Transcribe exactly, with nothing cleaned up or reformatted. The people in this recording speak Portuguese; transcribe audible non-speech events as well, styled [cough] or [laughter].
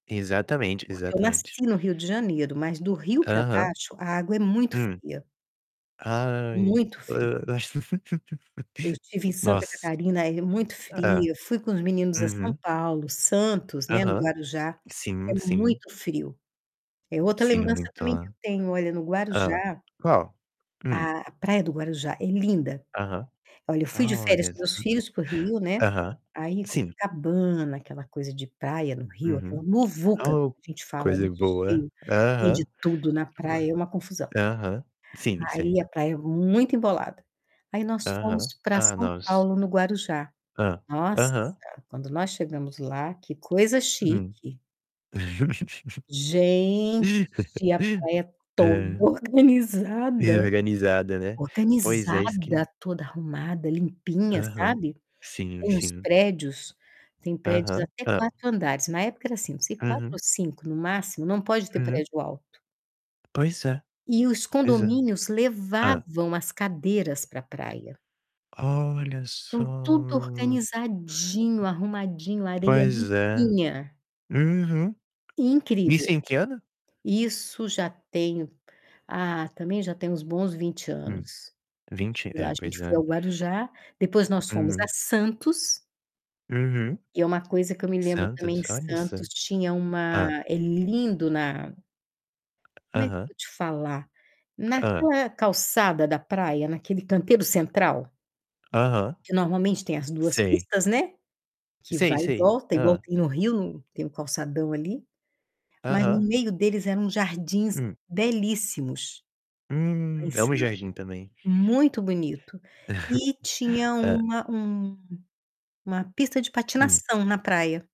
Exatamente, Porque eu exatamente. nasci no Rio de Janeiro. Mas do Rio pra Aham. baixo, a água é muito Hum. fria. Ai, Muito o fria. eu ach Eu [chuckles] estive em Santa Nossa. Catarina, aí é muito Hã. fria. Fui com os meninos a São Uhum. Paulo, Santos, né, no Aham. Guarujá. É Sim, sim. muito frio. É outra Sim, lembrança muito também que a eu tenho olha, no Hã. Guarujá Qual? Hum. a a praia do Guarujá é linda. Aham. Olha, eu fui Ah, de férias olha. com meus filhos para o [chuckles] Rio, né. Aham. Aí Sim. Copacabana, aquela coisa de praia no Rio, aquela Uhum. muvuca, Oh, como a gente fala, né. coisa boa. Cheio. Aham. Vende tudo na Fula praia, é uma confusão. aham. Sim, sei. Aí a praia muito embolada. Aí nós fomos Aham. pra Ah, São nos Paulo, no Guarujá. Hã. Nossa, Aham. quando nós chegamos lá, que coisa Hum. chique. Gente, a [laughs] praia É. toda E organizada. organizada, né? Pois é, isso que Organizada, toda arrumada, limpinha, Aham. sabe? Sim, Tem uns sim. prédios tem prédios Aham. até Hã. quatro andares. Na época, era assim, não sei, quatro Uhum. ou cinco no máximo. Não pode ter Uhum. prédio alto. Pois é. E os Pois é. condomínios Hã. levavam as cadeiras pra praia. Olha Então tudo só. organizadinho, arrumadinho, areia Pois é. limpinha. Uhum. Isso Incrível. em que ano? Isso já tem, ah, também já tem uns bons vinte Hum. anos que eu vinte? estive lá. É, A gente pois foi é. ao Guarujá, depois nós fomos a Uhum. Santos. Uhum. Que é uma coisa que eu me lembro também, Santos? em Olha só. Santos tinha Hã. uma é lindo na Como é que eu Aham. vou te falar? Hã. Naquela calçada da praia, naquele canteiro central Aham. que normalmente tem as duas Sei. pistas, né, que Sei, vai e sei. volta, igual Hã. tem no Rio, no tem o calçadão ali. Mas no Aham. meio deles eram jardins Hum. belíssimos, lá em Hum, amo Santos. jardim também. Muito bonito. E [chuckles] tinha Hã. uma um uma pista de Hum. patinação na praia.